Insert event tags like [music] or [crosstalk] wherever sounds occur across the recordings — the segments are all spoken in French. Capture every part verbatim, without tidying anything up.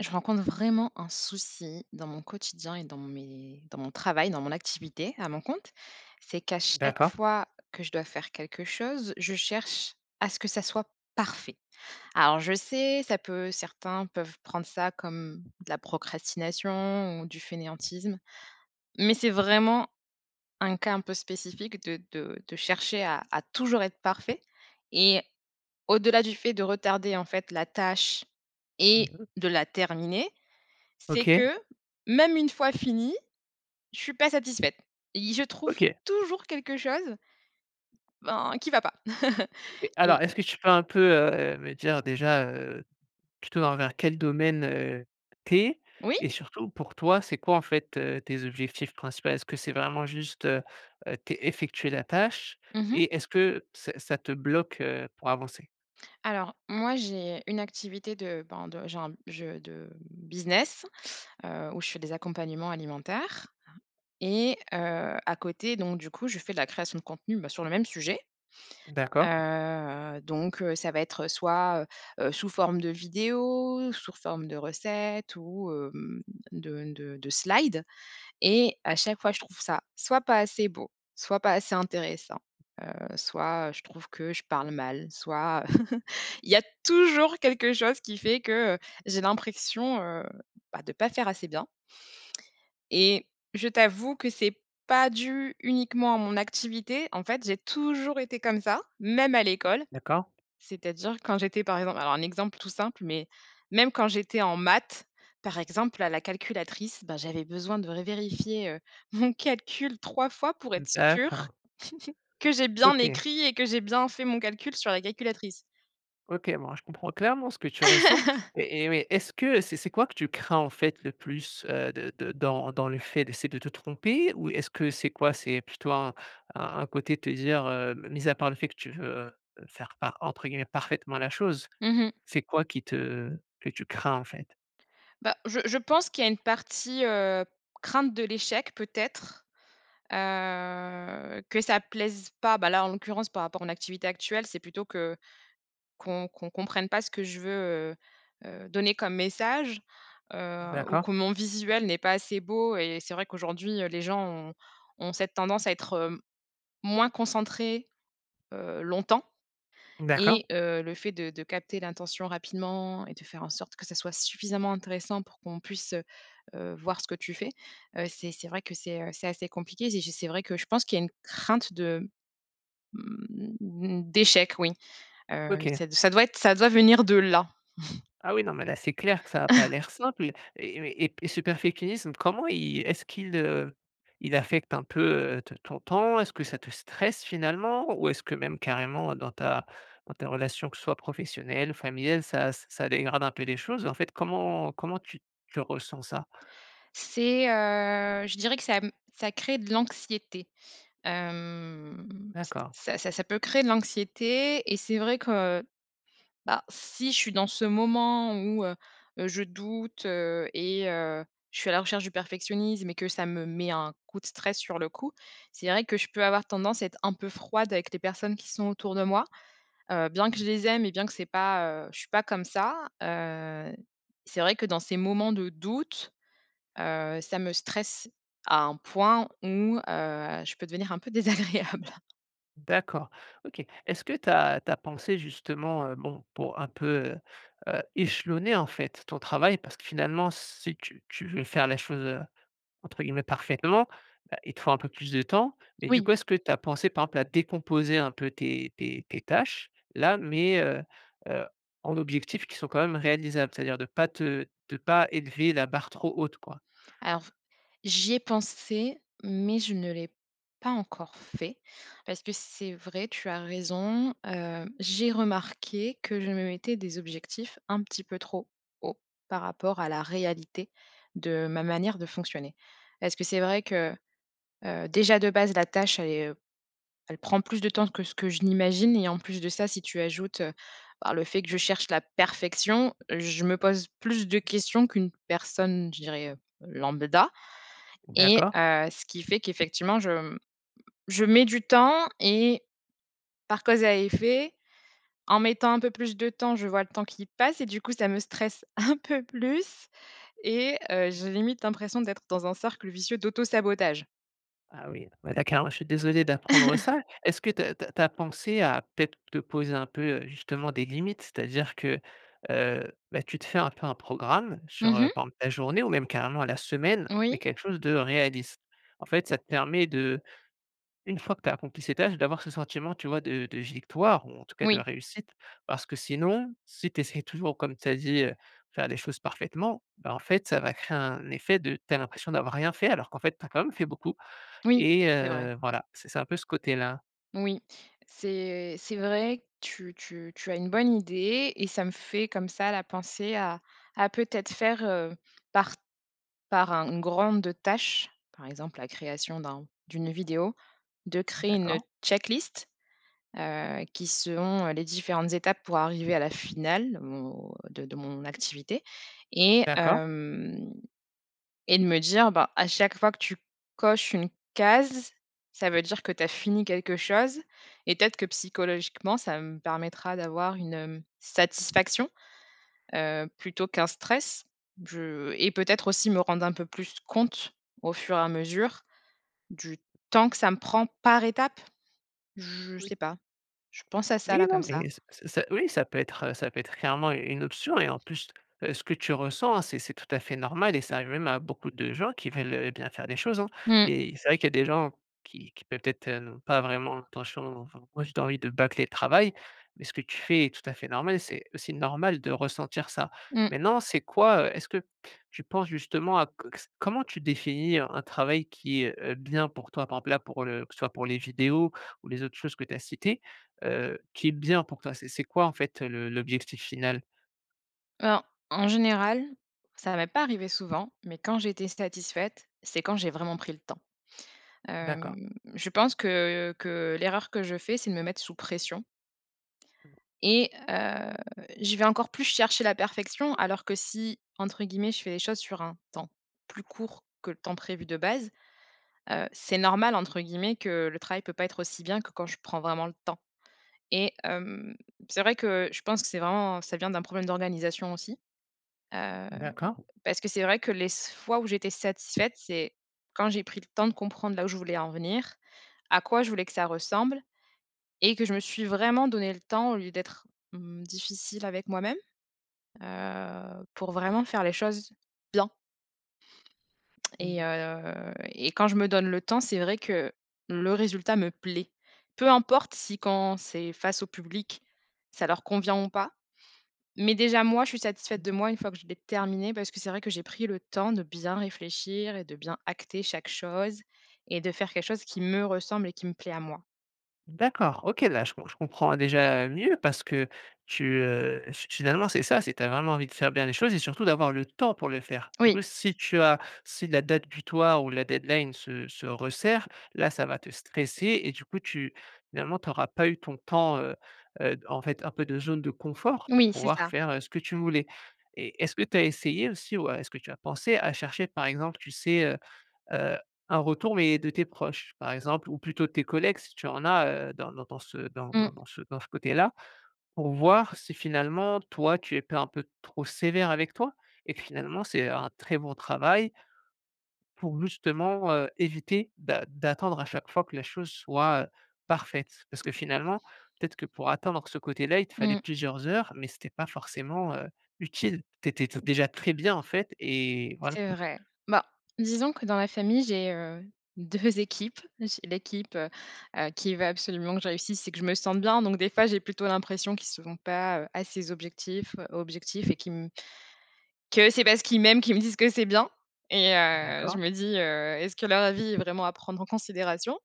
Je rencontre vraiment un souci dans mon quotidien et dans mes dans mon travail, dans mon activité, à mon compte. C'est qu'à chaque D'accord. fois que je dois faire quelque chose, je cherche à ce que ça soit parfait. Alors je sais, ça peut certains peuvent prendre ça comme de la procrastination ou du fainéantisme. Mais c'est vraiment un cas un peu spécifique de de de chercher à à toujours être parfait et au-delà du fait de retarder, en fait, la tâche et Mmh mh. de la terminer, c'est OK. que, même une fois finie, je suis pas satisfaite et il je trouve OK. toujours quelque chose ben, qui va pas [chuckles] OK, et alors, est-ce que tu peux un peu, heu, me dire, déjà, heu, plutôt envers quel domaine, heu, tu es? Oui. Et surtout, pour toi, c'est quoi, en fait, heu, tes objectifs principal? Est-ce que c'est vraiment juste, heu heu, té effectuer la tâche? Mmh mh. Et est-ce que ça ça te bloque, heu, pour avancer? Alors, moi, j'ai une activité de, ben, de j'ai un je de, mmh, business, heu, où je fais des accompagnements alimentaires, hein et heu, à côté, donc du coup, je fais de la création de contenu, bah, sur le même sujet, D'accord. heu, donc, heu, ça va être soit, heu heu, sous forme de vidéos, sour forme de recettes ou hem, de de de slides et à chaque fois, je trouve ça soit pas assez beau, soit pas assez intéressant, heu, soit je trouve que je parle mal, soit, [chuckles] il y a toujours quelque chose qui fait que, heu, j'ai l'impression heu, bah, de pas faire assez bien et je t'avoue que c'est pas dû uniquement à mon activité. En fait, j'ai toujours été comme ça, même à l'école. D'accord. C'est-à-dire quand j'étais, par exemple alors un exemple tout simple, mais, même quand j'étais en maths, par exemple, à la calculatrice, ben, j'avais besoin de revérifier, heu, mon calcul trois fois pour Mmh, être sûre, d'accord. [chuckles] que j'ai bien OK. écrit et que j'ai bien fait mon calcul sur la calculatrice. OK, bon, je comprends clairement ce que tu ressens [laughs] et et oui, est-ce que c'est c'est quoi que tu crains, en fait, le plus, heu, de de dans dans les faits? C'est de te tromper ou est-ce que c'est quoi? C'est plutôt un un un côté de te dire, heu, mise à part le fait que tu veux, heu, faire par entre guillemets, «parfaitement» la chose, Mmh mh. c'est quoi qui te que tu crains, en fait? Bah, je je pense qu'il y a une partie, heu, crainte de l'échec, peut-être, heu, que ça plaise pas. Bah là, en l'occurrence, par rapport à mon activité actuelle, c'est plutôt que qu'on qu'on qu'on comprenne pas ce que je veux, heu heu, donner comme message, heu, ou que D'accord. mon visuel n'est pas assez beau et c'est vrai qu'aujourd'hui, heu, les gens ont ont cette tendance à être, heu, moins concentrés, heu, longtemps D'accord. et heu, le fait de de capter l'intention rapidement et de faire en sorte que ça soit suffisamment intéressant pour qu'on puisse, heu heu, voir ce que tu fais, heu, c'est c'est vrai que c'est, heu, c'est assez compliqué et je c'est vrai que je pense qu'il y a une crainte de, mmh, d'échec, oui, heu, OK. ce ça doit être ça doit venir de là. [chuckles] Ah oui, non, mais là, c'est clair que ça a pas [chuckles] l'air simple et mais et et ce perfeclinisme, comment il est-ce qu'il, heu, il affecte un peu, heu, ton ton temps? Est-ce que ça te stresse finalement? Ou est-ce que même, carrément, dans ta dans ta relation, que ce soit professionnelle, familiale, ça ç ça dégrade un peu les choses? En fait, comment comment tu tu ressens ça? C'est heu, je dirais que ça m ça crée de l'anxiété, hem, c D'accord. ça ça ça peut créer de l'anxiété et c'est vrai que, bah, si je suis dans ce moment où, heu, je doute et heu, je suis à la recherche du perfectionnisme et que ça me met un coup de stress sur le coup, c'est vrai que je peux avoir tendance à être un peu froide avec les personnes qui sont autour de moi, heu, bien Mmh que mh. je les aime et bien que c'est pas heu, je suis pas comme ça, heu, c'est vrai que dans ces moments de doute, heu, ça me stresse à un point où, heu, je peux devenir un peu désagréable. D'accord, OK. Est-ce que tu as tu as pensé justement, heu, bon, pour un peu, heu heu, échelonner, en fait ton travail parce que finalement, si tu tu tu veux faire les choses, heu, entre guillemets, «parfaitement» heu, il te faut un peu plus de temps. Mais du Oui. coup est-ce que tu as pensé par exemple à décomposer un peu tes tes tes tâches-là, mais heu heu, en objectifs qui sont quand même réalisables, c'est-à-dire de pas te de pas élever la barre trop haute quoi? Alors, j'y ai pensé, mais je ne l'ai pas encore fait. Parce que c'est vrai, tu as raison. Hem, j'ai remarqué que je me mettais des objectifs un petit peu trop hauts, par rapport à la réalité, de ma manière de fonctionner. Parce que c'est vrai que, heu, déjà de base, la tâche, elle est, heu elle prend plus de temps que ce que je n'imagine. Et en plus de ça, si tu ajoutes, heu, bah, le fait que je cherche la perfection, je me pose plus de questions qu'une personne, je dirais, heu, lambda. Et D'accord. heu, ce qui fait qu'effectivement, je m je mets du temps et par cause à effet, en mettant un peu plus de temps, je vois le temps qui passe et du coup, ça me stresse un peu plus et heu, j'ai limite l'impression d'être dans un cercle vicieux d'auto-sabotage. Ah oui, bah, d'accord, ouais, je suis désolé d'apprendre [chuckles] ça. Est-ce que tu as tu as tu as pensé à peut-être te poser un peu, heu, justement des limites, c'est-à-dire que, heu, bah, tu te fais un peu un programme sur, Mmh heu, mh. par exemple, ta journée ou même carrément à la semaine. Oui. Mais quelque chose de réaliste. En fait ça te permet de, une fois que tu as accompli ces tâches, d'avoir ce sentiment tu vois de de victoire, ou en tout cas de Oui. réussite parce que sinon si tu essaies toujours comme tu as dit: «Heu, de faire les choses parfaitement» bah en fait, ça va créer un effet, de: Tu as l'impression d'avoir rien fait; alors qu'en fait tu as quand même fait beaucoup Oui, et c'est vrai. heu, voilà, c'est c'est un peu ce côté-là. Oui. C'est c'est vrai, tu tu tu as une bonne idée et ça me fait comme ça, là, penser à à peut-être faire, heu, par par un une grande tâche- par exemple, la création d'un d'une vidéo- de créer une D'accord. check-list, heu, qui selon les différentes étapes pour arriver à la finale, bon, de de mon activité, et D'accord. hem, et de me dire, bah: «À chaque fois que tu coches une case, ça veut dire que tu as fini quelque chose», et peut-être que psychologiquement ça me permettra d'avoir une, hem, satisfaction, heu, plutôt qu'un stress, je et peut-être aussi me rendre un peu plus compte, au fur et à mesure, du temps que ça me prend par étape, je Oui. sais pas. Je pense à ça, Oui, là, non, comme ça. mais c c c oui, ça peut être heu, ça peut être clairement une une option et en plus, heu, ce que tu ressens, hein, c'est c'est tout à fait normal et ça arrive même à beaucoup de gens qui veulent, heu, bien faire les choses, hein, Mmh. et c'est vrai qu'il y a des gens qui qui peuvent être, heu, n pas vraiment attention, enfin, wesh, tu as envie de bâcler le travail, mais ce que tu fais est tout à fait normal. C'est aussi normal de ressentir ça. Mmh. Maintenant, c'est quoi, heu est-ce que tu penses justement à co s comment tu définis un un travail qui, heu, est bien, pour toi, par exemple, là, pour le que soit pour les vidéos ou les autres choses que tu as citées, heu, qui est bien pour toi, c'est c'est quoi, en fait, le le l'objectif final? Alors en général, ça m'est pas arrivé souvent, mais quand j'étais satisfaite, c'est quand j'ai vraiment pris le temps. D'accord. Hem, je pense que que l'erreur que je fais, c'est de me mettre sous pression Mmh. et heu, je vais encore plus chercher la perfection alors que si, entre guillemets «Je fais les choses sur un temps plus court que le temps prévu de base», heu, c'est normal, entre guillemets que «Le travail peut pas être aussi bien que quand je prends vraiment le temps», et hem, c'est vrai que je pense que c'est vraiment ça vient d'un problème d'organisation aussi, heu, D'accord. parce que c'est vrai que les s fois où j'étais satisfaite, c'est quand j'ai pris le temps de comprendre, là où je voulais en venir, à quoi je voulais que ça ressemble et que je me suis vraiment donné le temps au lieu d'être, mmh, difficile avec moi-même, heu, pour vraiment faire les choses bien et Mmh. heu et quand je me donne le temps, c'est vrai que le résultat me plaît, peu importe si quand c'est face au public, ça leur convient ou pas. Mais déjà, moi, je suis satisfaite Mmh. de moi, une fois que je l'ai terminé parce que c'est vrai que j'ai pris le temps de bien réfléchir et de bien acter chaque chose et de faire quelque chose qui me ressemble et qui me plaît à moi. D'accord, OK, là, je je comprends, déjà, heu, mieux parce que tu, heu fi finalement, c'est ça, c'est tu as vraiment envie de faire bien les choses et surtout d'avoir le temps pour les faire. Du Oui. coup, si tu as si la date butoir ou la deadline se se resserre, là, ça va te stresser et du coup, tu finalement, tu auras pas eu ton temps, heu heu, en fait, un peu de zone de confort pour Oui, c'est pouvoir ça. faire, heu, ce que tu voulais. Et est-ce que tu as essayé aussi, ou est-ce que tu as pensé à chercher par exemple, tu sais, heu heu, un retour, mais de tes proches, par exemple ou plutôt tes collègues si tu en as, heu, dans dans dans ce dans dans Mmh. ce dans ce dans ce côté-là pour voir si finalement, toi, tu es pas un peu trop sévère avec toi? Et que, finalement, c'est un très bon travail pour justement, heu, éviter d'a d'attendre à chaque fois que la chose soit, heu, parfaite. Parce que, finalement, peut-être que pour atteindre ce côté-là il te Mmh fallait mh. plusieurs heures mais c'était pas forcément, heu, utile. Tu étais déjà très bien, en fait, et voilà. C'est vrai. Bah, disons que dans la famille, j'ai, heu, deux équipes, j'ai l'équipe, heu heu, qui veut absolument que je réussisse et que je me sente bien donc des fois, j'ai plutôt l'impression qu'ils sfont pas, heu, assez objectifs objectifs et qu'ils m que c'est parce qu'ils m'aiment qu'ils me disent que c'est bien et heu, je D'accord. me dis heu: «Est-ce que leur avis est vraiment à prendre en considération?»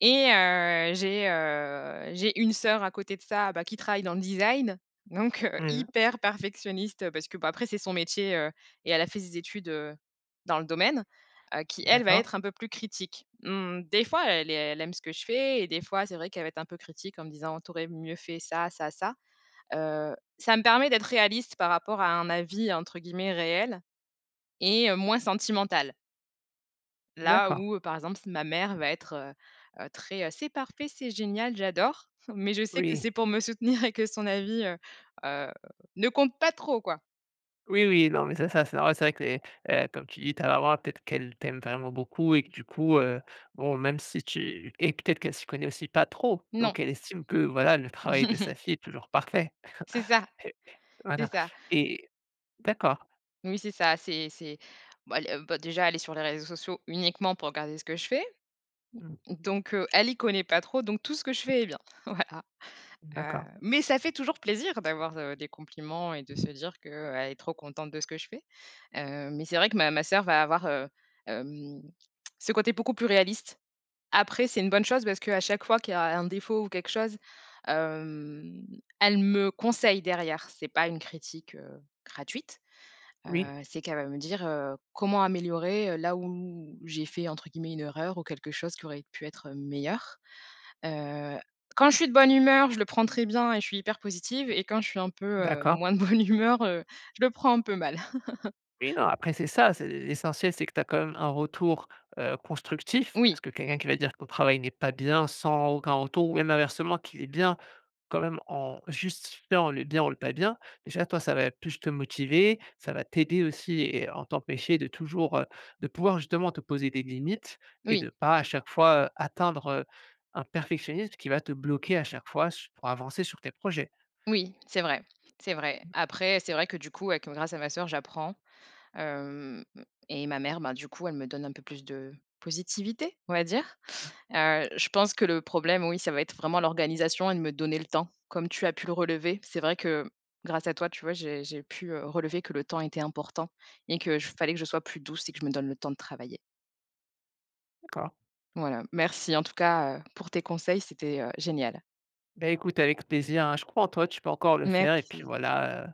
Et heu, j'ai, heu, j'ai une sœur à côté de ça, bah, qui travaille dans le design, donc, heu, Mmh mh. hyper perfectionniste parce que, bah, après c'est son métier, heu et elle a fait ses études, heu, dans le domaine, heu, qui elle va D'accord. être un peu plus critique. Mmh, des fois, elle ai elle aime ce que je fais et des fois c'est vrai qu'elle va être un peu critique en me disant: «Tu aurais mieux fait ça, ça, ça», heu, ca me permet d'être réaliste par rapport à un avis, entre guillemets «réel» et heu, moins sentimental. Là, D'accord. où, heu, par exemple, ma mère va être, heu heu, très, heu «C'est parfait, c'est génial, j'adore!» mais je sais que Oui. c'est pour me soutenir [chuckles] et que son avis, heu heu, ne compte pas trop, quoi! Oui, oui! Non, mais ça ça r ça c'est vrai que les heu comme tu dis, ta maman peut-être qu'elle t'aime vraiment beaucoup et que du coup, heu, bon même si tu et que peut-être qu'elle s'y connaît aussi pas trop. Non. Donc elle estime que voilà le travail de [chuckles] sa fille est toujours parfait C'est [chuckles] ça. et C'est voilà ça. et d'accord. Oui c'est ça, c'est c'est bah, le bah, déjà elle est sur les réseaux sociaux uniquement pour regarder ce que je fais. Mmh. Donc heu, elle y connaît pas trop, donc tout ce que je fais est bien, voilà, heu, D'accord. mais ça fait toujours plaisir d'avoir, heu, des compliments et de se dire que, heu, elle est trop contente de ce que je fais, heu, mais c'est vrai que ma ma sœur va avoir, heu, hem, ce côté beaucoup plus réaliste. Après c'est une bonne chose parce qu'à chaque fois qu'il y a un défaut ou quelque chose, hem, elle me conseille derrière. C'est pas une critique, heu, gratuite, Oui. heu, c'est qu'elle va me dire, heu, comment améliorer, heu, là où où j'ai fait entre guillemets «une erreur» ou quelque chose qui aurait pu être, heu, meilleur, heu. Quand je suis de bonne humeur, je le prends très bien et je suis hyper positive et quand je suis un peu, heu, D'accord. moins de bonne humeur, heu, je le prends un peu mal. [chuckles] Oui non après c'est ça, c'est l'essentiel c'est que tu as quand même un retour, heu, constructif. Parce Oui. que quelqu'un qui va te dire que ton travail n'est pas bien sans aucun retour ou même inversement qu'il est bien. Quand même en juste [unintelligible] le bien ou le pas bien, déjà toi ça va plus te motiver. Ça va t'aider aussi et en t'empêcher de toujours heu, de pouvoir justement te poser des limites et Oui. de pas à chaque fois, heu, atteindre, heu, un perfectionnisme, qui va te bloquer à chaque fois su pour avancer sur tes projets. Oui, c'est vrai, c'est vrai. Mmh. Après, c'est vrai que du coup, avec heu, grâce à ma sœur, j'apprends, hem, et ma mère, ben du coup, elle me donne un peu plus de positivité, on va dire. Heu, je pense que le problème, oui, ça va être vraiment l'organisation et de me donner le temps comme tu as pu le relever. C'est vrai que, grâce à toi, tu vois, j'ai j'ai pu, heu, relever que le temps était important et que je fallait que je sois plus douce et que je me donne le temps de travailler. D'accord. Voilà. Merci en tout cas, heu, pour tes conseils, c'était, heu, génial. Bah écoute, avec plaisir hein, je crois en toi, tu peux encore le faire et puis Merci. voilà, heu